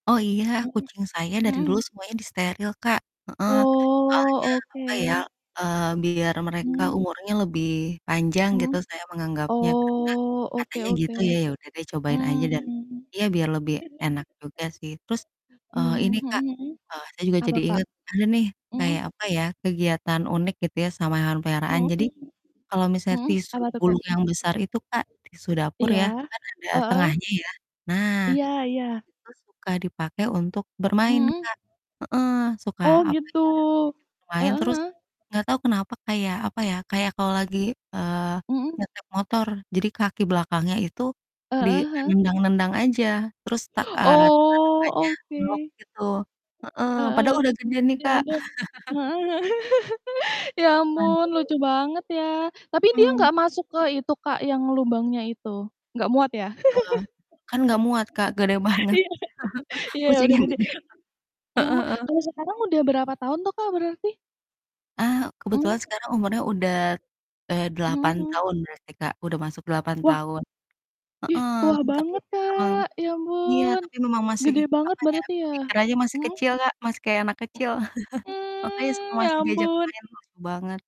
Oh iya, Mhm kucing saya dari dulu mhm. semuanya disteril Kak, heeh, soalnya Oh, oke. apa ya, eee, biar mereka Mmm. umurnya lebih panjang Mmm, gitu saya menganggapnya karena, oh oke katanya oke, gitu ya, ya udah deh cobain aja mmm. dan, iya biar lebih enak juga sih. Terus, eee, Mmm, ini mhm Kak, mhm, eee, saya juga apa jadi Kak? inget, ada nih, kayak Mmm. apa ya, kegiatan unik gitu ya sama hewan peliharaan, Mhm, jadi, kalau misalnya mhm, tisu apa tuh Kak? gulung yang besar itu Kak, tisu dapur Iya, ya, kan ada heeh. tengahnya ya nah, Iya iya. itu suka dipakai untuk bermain Mhm. Kak, heeh, suka Oh apa gitu, ya, diajak main heeh terus, heeh. nggak tahu kenapa kayak apa ya, kayak kalau lagi, eee, Mhm. nyetir motor, jadi kaki belakangnya itu, di, Heeh eee, heeh. nendang-nendang aja terus tak eee, tangan Oh, depannya oke. meluk gitu, heeh, Heeh, padahal udah gede nih ya Kak. ampun, heeh heeh. Ya ampun, lucu [unintelligible] banget ya, tapi dia Mmm. nggak masuk ke itu Kak, yang lubangnya itu nggak muat ya? Wah, kan nggak muat Kak, gede banget Iya iya udah kucingnya gede, gede Kak, mmm, heeh heeh. kalau sekarang udah berapa tahun tuh Kak, berarti? Ah, Mmm. kebetulan sekarang umurnya udah, eee, Mhm 8 mhm. tahun berarti Kak, udah masuk 8 Wah. tahun. Ih, Heeh, tua tapi banget, emang Kak, ya iya, ampun, tapi memang masih gede banget apa ya, berarti ya? pikirannya masih Hmm. kecil Kak, masih kayak anak M kecil, makanya suka mmm, ya masih diajak ampun. main. Wah, seru banget.